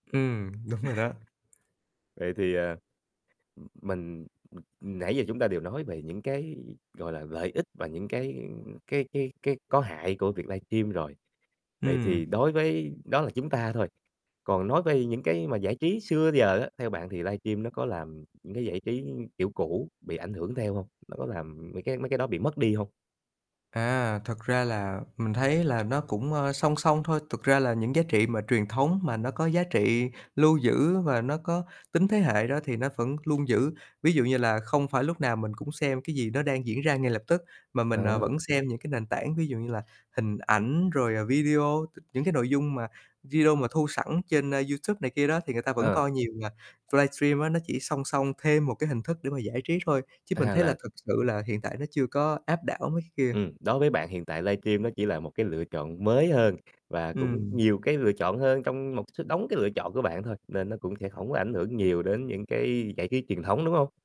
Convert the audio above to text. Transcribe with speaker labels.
Speaker 1: Ừm, đúng rồi đó.
Speaker 2: Vậy thì, à, ừm, mình, ừm nãy giờ chúng ta đều nói về những cái, gọi là, lợi ích và những cái cái cái cái có hại của việc livestream rồi. Vậy
Speaker 1: Ừm.
Speaker 2: thì đối với đó là chúng ta thôi, còn nói về những cái mà giải trí xưa giờ á, theo bạn thì livestream nó có làm những cái giải trí kiểu cũ bị ảnh hưởng theo hông? Nó có làm mấy cái mấy cái đó bị mất đi hông?
Speaker 1: À, thật ra là mình thấy là nó cũng, ờ, song song thôi, thực ra là những giá trị mà truyền thống mà nó có giá trị lưu giữ và nó có tính thế hệ đó thì nó vẫn luôn giữ. Ví dụ như là không phải lúc nào mình cũng xem cái gì nó đang diễn ra ngay lập tức mà mình, ờ,
Speaker 2: Ờ.
Speaker 1: vẫn xem những cái nền tảng, ví dụ như là hình ảnh rồi, ờ, video, t những cái nội dung mà video mà thu sẵn trên, a, YouTube này kia đó thì người ta vẫn
Speaker 2: Ờ.
Speaker 1: coi nhiều mà. Livestream á nó chỉ song song thêm một cái hình thức để mà giải trí thôi, chứ mình
Speaker 2: A,
Speaker 1: thấy là
Speaker 2: là
Speaker 1: thực sự là hiện tại nó chưa có áp đảo mấy cái kia.
Speaker 2: Ừm, đối với bạn hiện tại livestream nó chỉ là một cái lựa chọn mới hơn, và cũng
Speaker 1: Ừm.
Speaker 2: nhiều cái lựa chọn hơn trong một số đống cái lựa chọn của bạn thôi, nên nó cũng sẽ hổng có ảnh hưởng nhiều đến những cái giải trí truyền thống, đúng hông?